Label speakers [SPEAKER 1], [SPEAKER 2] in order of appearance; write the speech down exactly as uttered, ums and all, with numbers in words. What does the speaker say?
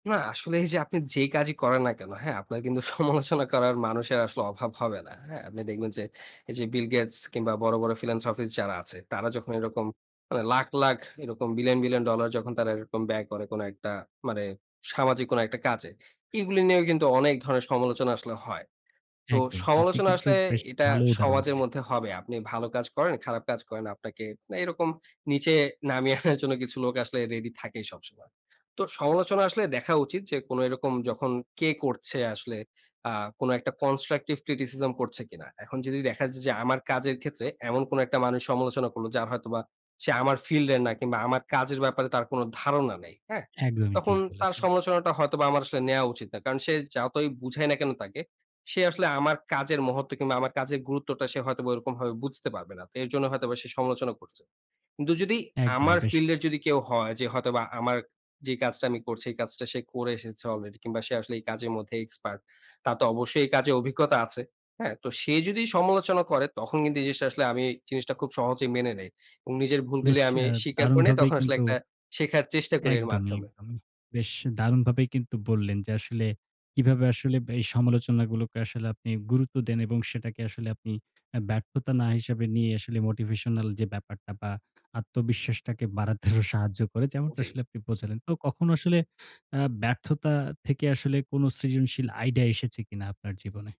[SPEAKER 1] না, আসলে এইযে আপনি যে কাজই করেন না কেনো, হ্যাঁ? আপনার কিন্তু সমালোচনা করার, মানুষের আসলে অভাব হবে না। হ্যাঁ? আপনি দেখবেন যে এইযে, বিল গেটস কিংবা বড়, বড় ফিলান্থ্রপিস্ট যারা আছে, তারা যখন এরকম মানে লাখ, লাখ এরকম বিলিয়ন, বিলিয়ন ডলার, যখন তারা এরকম ব্যয় করে কোনো একটা মানে, সামাজিক কোনো একটা কাজে। এইগুলো নিয়েও কিন্তু অনেক ধরনের সমালোচনা আসলে হয়। তো
[SPEAKER 2] একদম। আপনি
[SPEAKER 1] সমালোচনা
[SPEAKER 2] কিন্তু
[SPEAKER 1] আসলে
[SPEAKER 2] বেশ
[SPEAKER 1] এটা
[SPEAKER 2] ভালো উদাহরণ
[SPEAKER 1] সমাজের
[SPEAKER 2] দিলেন।
[SPEAKER 1] মধ্যে হবে। আপনি ভালো কাজ করেন, খারাপ কাজ করেন। আপনাকে এরকম নিচে নামিয়ে আনার জন্য, কিছু লোক আসলে রেডি থাকেই সবসময়। তো সমালোচনা আসলে দেখা উচিত যে, কোনো এরকম যখন কে করছে, আসলে আ কোনো একটা কনস্ট্রাকটিভ ক্রিটিসিজম করছে কিনা? এখন যদি দেখা যায় যে, আমার কাজের ক্ষেত্রে এমন কোনো একটা মানুষ সমালোচনা করলো, যার হয়তোবা, সে আমার ফিল্ডের না কিংবা আমার কাজের ব্যাপারে তার কোনো ধারণা নেই। হ্যাঁ?
[SPEAKER 2] একদমই ঠিক
[SPEAKER 1] তখন তার
[SPEAKER 2] বলেছেন।
[SPEAKER 1] সমালোচনাটা হয়তোবা আমার আসলে নেয়া উচিত না। কারণ সে যাওতই বুঝাই না কেনো তাকে? সে আসলে আমার কাজের মহত্ত্ব কিংবা আমার কাজের গুরুত্বটা, সে হয়তোবা ওইরকমভাবে বুঝতে পারবে না। তো এর জন্য হয়তোবা সে সমালোচনা করছে। কিন্তু যদি
[SPEAKER 2] একদমই।
[SPEAKER 1] আমার
[SPEAKER 2] বেশ!
[SPEAKER 1] ফিল্ডের যদি কেউ হয় যে, হয়তোবা আমার যে কাজটা আমি করছি, এই কাজটা সে করে এসেছে অলরেডি কিংবা সে আসলে এই কাজের মধ্যে এক্সপার্ট। তার তো অবশ্যই এই কাজে অভিজ্ঞতা আছে। হ্যাঁ? তো, সে যদি সমালোচনা করে, তখন কিন্তু এই জিনিসটা আসলে, আমি জিনিসটা খুব সহজেই মেনে নেই। এবং নিজের
[SPEAKER 2] বেশ
[SPEAKER 1] ভুলগুলি আমি
[SPEAKER 2] অ্যা
[SPEAKER 1] স্বীকার করে নেই।
[SPEAKER 2] দারুণভাবেই
[SPEAKER 1] তখন আসলে
[SPEAKER 2] কিন্তু
[SPEAKER 1] একটা শেখার চেষ্টা করি এর
[SPEAKER 2] একদমই,
[SPEAKER 1] মাধ্যমে।
[SPEAKER 2] একদম। বেশ দারুণভাবেই কিন্তু বললেন যে আসলে, কিভাবে আসলে ব্য এই সমালোচনা গুলোকে আসলে আপনি গুরুত্ব দেন এবং সেটাকে আসলে আপনি অ্যা ব্যর্থতা না হিসাবে নিয়ে, আসলে মোটিভেশনাল যে ব্যাপারটা বা আত্মবিশ্বাসটাকে বাড়াতে আরো সাহায্য করে। যেমনটা
[SPEAKER 1] জ্বী।
[SPEAKER 2] আসলে আপনি বোঝালেন। তো কখনো আসলে আ ব্যর্থতা থেকে আসলে, কোনো সৃজনশীল আইডিয়া এসেছে কিনা আপনার জীবনে?